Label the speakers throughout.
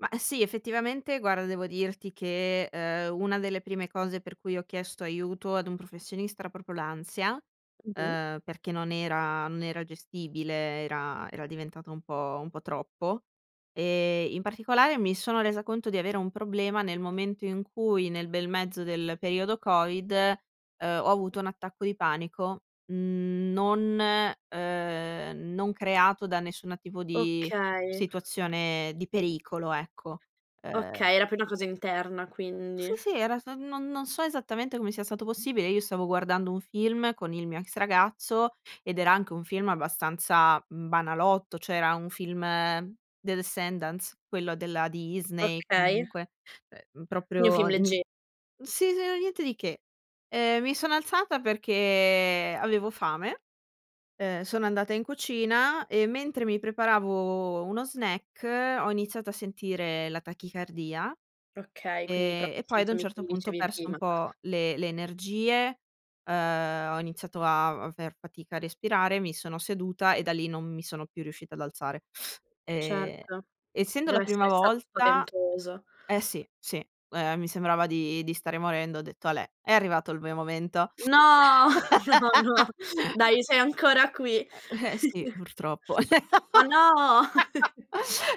Speaker 1: Ma sì. Effettivamente guarda, devo dirti che, ehm, una delle prime cose per cui ho chiesto aiuto ad un professionista, proprio l'ansia,
Speaker 2: Mh-mh.
Speaker 1: uhm, perché non era non era gestibile, era era diventata un po' un po' troppo. E in particolare mi sono resa conto di avere un problema nel momento in cui nel bel mezzo del periodo covid, uhm, ho avuto un attacco di panico, mhmm, non ehm, non creato da nessuna tipo di
Speaker 2: Okay.
Speaker 1: situazione di pericolo, ecco. Uhm
Speaker 2: Okay, era più una cosa interna
Speaker 1: Sì,
Speaker 2: quindi.
Speaker 1: sì, era so non non so esattamente come sia stato possibile. Io stavo guardando un film con il mio ex ragazzo ed era anche un film abbastanza banalotto, cioè, era un film The Descendance, quello della Disney
Speaker 2: Okay.
Speaker 1: comunque, uhm,
Speaker 2: Quindi
Speaker 1: proprio
Speaker 2: film
Speaker 1: n
Speaker 2: legge
Speaker 1: sì, s era niente di che. Ehm, mi sono alzata perché avevo fame, uhm, sono andata in cucina e mentre mi preparavo uno snack ho iniziato a sentire la tachicardia,
Speaker 2: Okay, quindi
Speaker 1: ehm,
Speaker 2: proprio
Speaker 1: e
Speaker 2: i
Speaker 1: poi ad un
Speaker 2: sintomi che
Speaker 1: certo
Speaker 2: mi
Speaker 1: punto ho
Speaker 2: dicevi
Speaker 1: perso un
Speaker 2: prima.
Speaker 1: po' le le energie, uhm, ho iniziato a aver fatica a respirare, mi sono seduta e da lì non mi sono più riuscita ad alzare. Ehm,
Speaker 2: Certo,
Speaker 1: essendo la
Speaker 2: deve
Speaker 1: prima
Speaker 2: essere stato
Speaker 1: volta
Speaker 2: spaventoso.
Speaker 1: eh, sì, sì. Ehm, mi sembrava di di stare morendo, ho detto: "Alè, è arrivato il mio momento."
Speaker 2: No no, no. Dai, sei ancora qui.
Speaker 1: Ehm, sì, purtroppo.
Speaker 2: Ma no.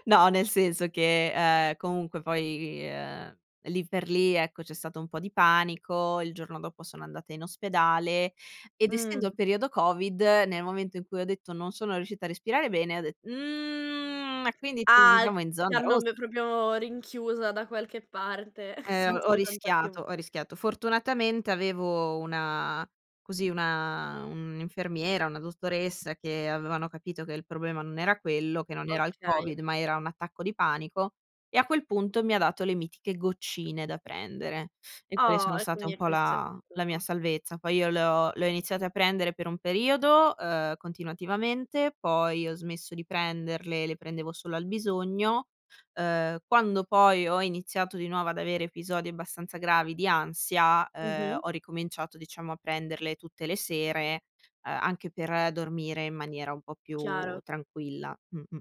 Speaker 1: No, nel senso che, uhm, comunque poi ehm, lì per lì, ecco, c'è stato un po' di panico, il giorno dopo sono andata in ospedale ed essendo
Speaker 2: Mh.
Speaker 1: il periodo covid, nel momento in cui ho detto non sono riuscita a respirare bene, ho det: "Mhmm e quindi ci
Speaker 2: Ah,
Speaker 1: troviamo in
Speaker 2: ti
Speaker 1: zona
Speaker 2: hanno
Speaker 1: ros"
Speaker 2: b proprio rinchiusa da qualche parte
Speaker 1: Eh, ho
Speaker 2: senza contatti u
Speaker 1: rischiato, ho rischiato. Fortunatamente avevo una così una un'infermiera, una dottoressa che avevano capito che il problema non era quello, che non era il
Speaker 2: Okay.
Speaker 1: covid, ma era un attacco di panico e a quel punto mi ha dato le mitiche goccine da prendere e quelle
Speaker 2: Oh,
Speaker 1: sono
Speaker 2: e
Speaker 1: state
Speaker 2: quindi
Speaker 1: un
Speaker 2: hai
Speaker 1: po'
Speaker 2: poi
Speaker 1: la la mia
Speaker 2: sentito
Speaker 1: salvezza. Poi io le ho le ho iniziate a prendere per un periodo, uhm, continuativamente, poi ho smesso di prenderle, le prendevo solo al bisogno, uhm, quando poi ho iniziato di nuovo ad avere episodi abbastanza gravi di ansia, uhm,
Speaker 2: Mh-mh.
Speaker 1: ho ricominciato diciamo a prenderle tutte le sere, ehm, anche per dormire in maniera un po' più
Speaker 2: Chiaro.
Speaker 1: tranquilla, mh-mh.